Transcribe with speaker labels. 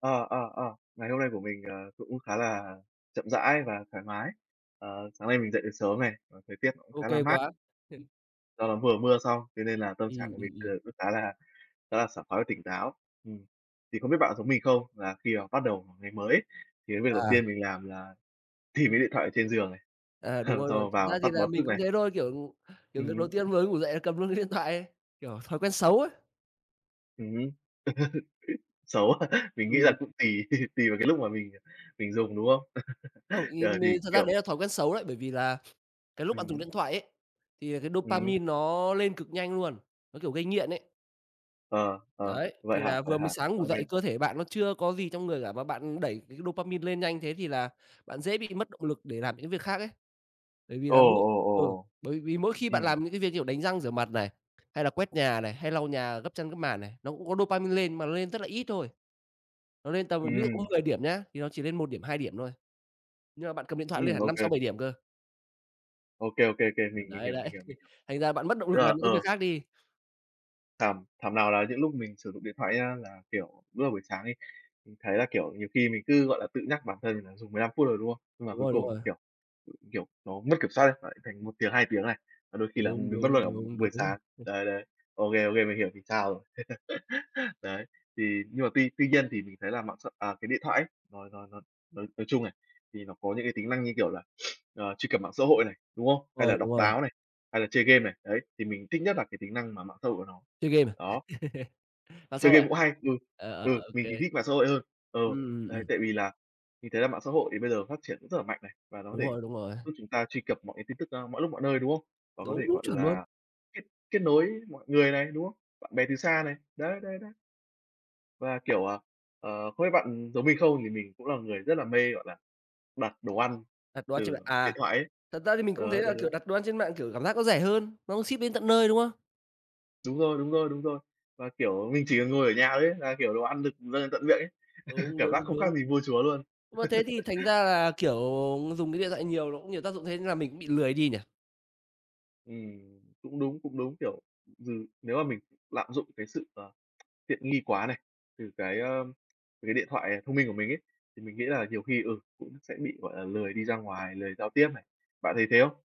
Speaker 1: Ờ, ờ, ờ. Ngày hôm nay của mình, ờ, cũng khá là chậm rãi và thoải mái. Ờ, sáng nay mình dậy được sớm này, còn thời tiết nó cũng
Speaker 2: Ô
Speaker 1: khá là
Speaker 2: kê
Speaker 1: mát.
Speaker 2: quá.
Speaker 1: Do nó vừa mưa xong thế nên là tâm trạng
Speaker 2: Ừm,
Speaker 1: của mình,
Speaker 2: ừm, ừm.
Speaker 1: ừ, nó khá là khá là sảng khoái và tỉnh táo. Ừm, thì không biết bạn có giống mình không là khi mà bắt đầu một ngày mới, thì cái việc đầu
Speaker 2: À.
Speaker 1: tiên mình làm là tìm cái điện thoại ở trên giường này,
Speaker 2: À, đúng
Speaker 1: xong
Speaker 2: rồi, đúng rồi.
Speaker 1: rồi
Speaker 2: Thật
Speaker 1: vào
Speaker 2: ra thì
Speaker 1: tắt
Speaker 2: là
Speaker 1: báo
Speaker 2: mình
Speaker 1: thức
Speaker 2: cũng
Speaker 1: này.
Speaker 2: thế thôi, kiểu, kiểu,
Speaker 1: Ừm
Speaker 2: việc đầu
Speaker 1: hứm.
Speaker 2: tiên mới ngủ dậy là cầm luôn cái điện thoại ấy, kiểu, thói quen xấu ấy.
Speaker 1: Ừm hứm. Xấu quá. Mình nghĩ là
Speaker 2: Ừm.
Speaker 1: cũng tùy tùy vào cái lúc mà mình mình dùng, đúng không?
Speaker 2: Không, ý
Speaker 1: Rồi
Speaker 2: mì
Speaker 1: thì,
Speaker 2: thật ra
Speaker 1: kiểu
Speaker 2: đấy là thói quen xấu đấy, bởi vì là cái lúc bạn
Speaker 1: Ừm
Speaker 2: dùng
Speaker 1: hứm.
Speaker 2: điện thoại ấy, thì cái
Speaker 1: Ừm.
Speaker 2: dopamine nó lên cực nhanh luôn, nó, kiểu, gây nghiện ấy.
Speaker 1: Ờ, ờ,
Speaker 2: Đấy,
Speaker 1: vậy
Speaker 2: thì
Speaker 1: hả?
Speaker 2: là
Speaker 1: Vậy
Speaker 2: vừa mới
Speaker 1: hả?
Speaker 2: sáng ngủ
Speaker 1: Ô
Speaker 2: dậy
Speaker 1: kê.
Speaker 2: cơ thể bạn nó chưa có gì trong người cả và bạn đẩy cái dopamine lên nhanh thế thì là bạn dễ bị mất động lực để làm những việc khác ấy. Bởi vì
Speaker 1: Ồ,
Speaker 2: là mỗi
Speaker 1: ồ, ồ,
Speaker 2: ừ,
Speaker 1: ồ!
Speaker 2: bởi vì mỗi khi bạn
Speaker 1: Ừm
Speaker 2: làm những cái việc như kiểu đánh răng rửa mặt này, hay là quét nhà này, hay lau nhà gấp chăn gấp màn này, nó cũng có dopamine lên mà nó lên rất là ít thôi. Nó lên tầm ví dụ có
Speaker 1: Ừm.
Speaker 2: 10 điểm nhá, thì nó chỉ lên 1 điểm, 2 điểm thôi. Nhưng mà bạn cầm điện thoại lên
Speaker 1: Ừm,
Speaker 2: là
Speaker 1: ô
Speaker 2: năm sáu
Speaker 1: kê.
Speaker 2: bảy điểm cơ.
Speaker 1: Ô kê, ô kê, ô kê,
Speaker 2: Ờ,
Speaker 1: mình mình
Speaker 2: đấy,
Speaker 1: hiểu,
Speaker 2: đấy,
Speaker 1: mình hiểu, mình hiểu.
Speaker 2: thành ra bạn mất động
Speaker 1: Tức
Speaker 2: lực
Speaker 1: là,
Speaker 2: làm những cái việc
Speaker 1: ờ
Speaker 2: khác đi.
Speaker 1: Thảm thảm nào là những lúc mình sử dụng điện thoại nhá là, kiểu, lúc mà buổi sáng ấy, mình thấy là, kiểu, nhiều khi mình cứ, gọi là, tự nhắc bản thân mình là dùng 15 phút thôi, đúng không? Nhưng mà
Speaker 2: Đúng
Speaker 1: cuối
Speaker 2: rồi, đúng
Speaker 1: cùng,
Speaker 2: rồi.
Speaker 1: kiểu, kiểu, nó mất kiểm soát ấy, lại thành 1 tiếng, 2 tiếng này. Và đôi khi là
Speaker 2: Đúng,
Speaker 1: mình mất
Speaker 2: đúng,
Speaker 1: luôn, ừm,
Speaker 2: đúng,
Speaker 1: buổi
Speaker 2: đúng.
Speaker 1: sáng.
Speaker 2: [unintelligible]
Speaker 1: Đấy, đấy. OK, OK, mình hiểu vì sao rồi. Đấy, thì nhưng mà tuy tuy nhiên thì mình thấy là mạng xã à, cái điện thoại ấy nó nó nó, nói nói chung này, thì nó có những cái tính năng như, kiểu là, ờ, truy cập mạng xã hội này, đúng không? Hay
Speaker 2: Rồi,
Speaker 1: là
Speaker 2: đúng
Speaker 1: đọc
Speaker 2: rồi.
Speaker 1: báo này, hay là chơi game này. Đấy, thì mình thích nhất là cái tính năng mà mạng xã hội của nó.
Speaker 2: Chơi game à?
Speaker 1: Đó.
Speaker 2: À, sao
Speaker 1: Chơi
Speaker 2: vậy?
Speaker 1: game cũng hay, ừ,
Speaker 2: Ờ, ờ,
Speaker 1: ừ,
Speaker 2: ô
Speaker 1: mình thì
Speaker 2: kê.
Speaker 1: thích mạng xã hội hơn. Ừ,
Speaker 2: Ừm, ừm,
Speaker 1: đấy,
Speaker 2: ừm.
Speaker 1: tại vì là mình thấy là mạng xã hội thì bây giờ phát triển rất là mạnh này, và nó có
Speaker 2: Đúng
Speaker 1: thể
Speaker 2: rồi, đúng rồi.
Speaker 1: giúp chúng ta truy cập mọi cái tin tức, ơ, mọi lúc mọi nơi, đúng không? Và có thể,
Speaker 2: Đúng, đúng,
Speaker 1: gọi
Speaker 2: chuẩn luôn.
Speaker 1: là, kết kết nối mọi người này, đúng không? Bạn bè từ xa này. Đấy, đấy, đấy. Và, kiểu, ờ, ờ, không biết bạn giống mình không thì mình cũng là người rất là mê, gọi là, đặt đồ ăn
Speaker 2: Đặt đồ ăn trên
Speaker 1: từ,
Speaker 2: mạng,
Speaker 1: ờ,
Speaker 2: à,
Speaker 1: điện thoại ấy.
Speaker 2: thật ra thì mình cũng thấy
Speaker 1: Đấy,
Speaker 2: là,
Speaker 1: đấy,
Speaker 2: kiểu,
Speaker 1: đấy.
Speaker 2: đặt đồ ăn trên mạng, kiểu, cảm giác nó rẻ hơn, nó cũng ship đến tận nơi, đúng không?
Speaker 1: Đúng rồi, đúng rồi, đúng rồi. Và, kiểu, mình chỉ cần ngồi ở nhà thôi ấy, là, kiểu, đồ ăn được dâng lên tận miệng ấy.
Speaker 2: Đúng,
Speaker 1: Cảm giác
Speaker 2: đúng,
Speaker 1: không khác
Speaker 2: đúng.
Speaker 1: gì vua chúa luôn.
Speaker 2: Mà thế thì thành ra là, kiểu, mà dùng cái điện thoại nhiều nó cũng nhiều tác dụng thế là mình cũng bị lười đi nhỉ?
Speaker 1: Ừm, cũng đúng, cũng đúng, kiểu, ừm, nếu mà mình lạm dụng cái sự, ờ, tiện nghi quá này, từ cái, ơ, cái điện thoại thông minh, ờ, của mình ấy, thì mình nghĩ là nhiều khi ừ, cũng sẽ bị, gọi là, lười đi ra ngoài, lười giao tiếp này. Bạn thấy thế không?